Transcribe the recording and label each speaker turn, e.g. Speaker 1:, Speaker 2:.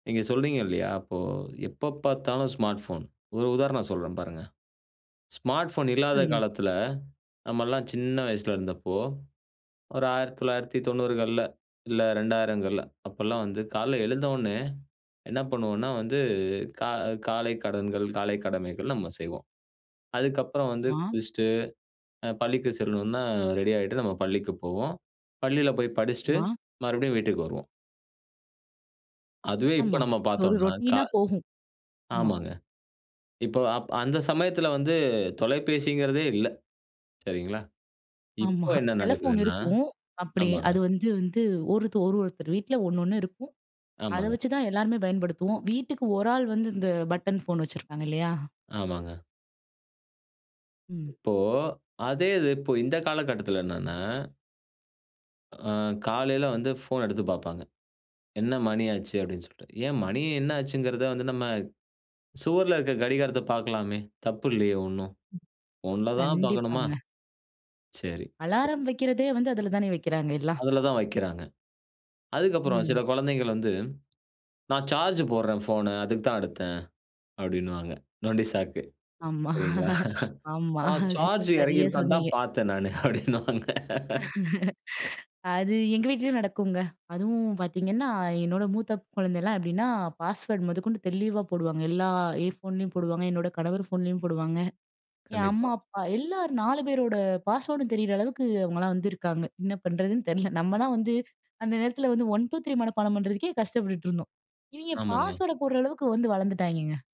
Speaker 1: நீங்க சொல்றீங்க இல்லையா? அப்போ எப்பப்பாத்தாலும் ஸ்மார்ட் போன்! ஒரு உதாரணம் சொல்றேன் பாருங்க. ஸ்மார்ட் ஃபோன் இல்லாத
Speaker 2: சொல்லுங்க.
Speaker 1: காலத்தில, நம்மலாம் சின்ன வயசில இருந்தப்போ, ஒரு 1990கள்ல, இல்ல 2000கள்ல அப்போலாம் வந்து கால்ல எழுந்த உடனே, என்ன பண்ணுவோம்னா வந்து, கா காலைக் கடன்கள் காலை கடமைகள் நம்ம செய்வோம். அதுக்கப்புறம் வந்து
Speaker 2: மா.
Speaker 1: குளிச்சுட்டு, அ பள்ளிக்கு செல்லணுனா, ரெடி ஆயிட்டு, நம்ம பள்ளிக்கு போவோம். பள்ளில போய் படிச்சிட்டு,
Speaker 2: மா.
Speaker 1: மறுபடியும் வீட்டுக்கு வருவோம். அதுவே இப்ப
Speaker 2: ஆமா.
Speaker 1: நம்ம
Speaker 2: ஒரு
Speaker 1: பார்த்தோம்னா கா
Speaker 2: ரொடீன்னா போகும். ஆமா.
Speaker 1: ஆமாங்க. இப்போ அப் அந்த சமயத்தில வந்து தொலைபேசிங்கிறதே இல்ல. சரிங்களா.
Speaker 2: ஆமா.
Speaker 1: இப்போ என்ன
Speaker 2: டெலஃபோன்
Speaker 1: நடக்குதுன்னா
Speaker 2: இருக்கும். அப்படி
Speaker 1: ஆமாங்க.
Speaker 2: அது வந்து வந்து ஒருத்து ஒருவொருத்தர் வீட்டில 1, 1 இருக்கும். அத
Speaker 1: ஆமாங்க.
Speaker 2: வச்சுதான் எல்லாருமே பயன்படுத்துவோம். வீட்டுக்கு ஒரு ஆள் வந்து இந்த பட்டன் ஃபோன் வச்சுருப்பாங்க இல்லையா?
Speaker 1: ஆமாங்க.
Speaker 2: ம்.
Speaker 1: இப்போ அதே இது, இப்போ இந்த காலகட்டத்துல என்னன்னா அ, காலையில வந்து ஃபோன் எடுத்து பாப்பாங்க. என்ன மணி ஆச்சு அப்படின்னு சொல்ட்டு. ஏன் மணி என்ன ஆச்சுங்கிறத வந்து நம்ம, சுவர்ல இருக்கிற கடிகாரத்த பார்க்கலாமே, தப்பில்லையே ஒண்ணும். போன்ல தான் பார்க்கணுமா?
Speaker 2: கண்டிப்பாங்க.
Speaker 1: சரி.
Speaker 2: Alarm
Speaker 1: okay.
Speaker 2: வெக்கிறதே வந்து அதில தானே வெக்கிறாங்க எல்லாம்.
Speaker 1: அதுல தான் வைக்குறாங்க. அதுக்கு அப்புறம் சில
Speaker 2: ம்.
Speaker 1: குழந்தைகள் வந்து, "நான் சார்ஜ் போடுறேன் ஃபோன்னு அதுக்கு தான் எடுத்தேன்." அப்படின்னுவாங்க. நொண்டி சாக்கு.
Speaker 2: ஆமா,
Speaker 1: சரிங்களா?
Speaker 2: ஆமா.
Speaker 1: "நான் சார்ஜ் இறங்கி
Speaker 2: சரியா
Speaker 1: இருக்கான்னு தான்
Speaker 2: சொன்னீங்க.
Speaker 1: பாத்த நானு" அப்படின்னுவாங்க.
Speaker 2: அது எங்க வீட்டிலேயும் நடக்குங்க. அதுவும் பார்த்தீங்கன்னா, என்னோட மூத்த குழந்தலாம், எப்படின்னா பாஸ்வேர்ட் மொதக்கொண்டு தெளிவா போடுவாங்க. எல்லா என் ஃபோன்லேயும் போடுவாங்க, என்னோட கணவர் ஃபோன்லேயும் போடுவாங்க. என் அம்மா,
Speaker 1: கண்டிப்பா.
Speaker 2: அப்பா எல்லார் 4 பேரோட பாஸ்வேர்டும் தெரிற அளவுக்கு அவங்களலாம் வந்து இருக்காங்க! என்ன பண்ணுறதுன்னு தெரில. நம்மலாம் வந்து அந்த நேரத்தில வந்து 1, 2, 3 மனப்பாடம் பண்ணுறதுக்கே கஷ்டப்பட்டுட்டு இருந்தோம். இவைங்க
Speaker 1: ஆமாங்க.
Speaker 2: பாஸ்வேர்ட போடுற அளவுக்கு வந்து வளர்ந்துட்டாய்ங்கங்க!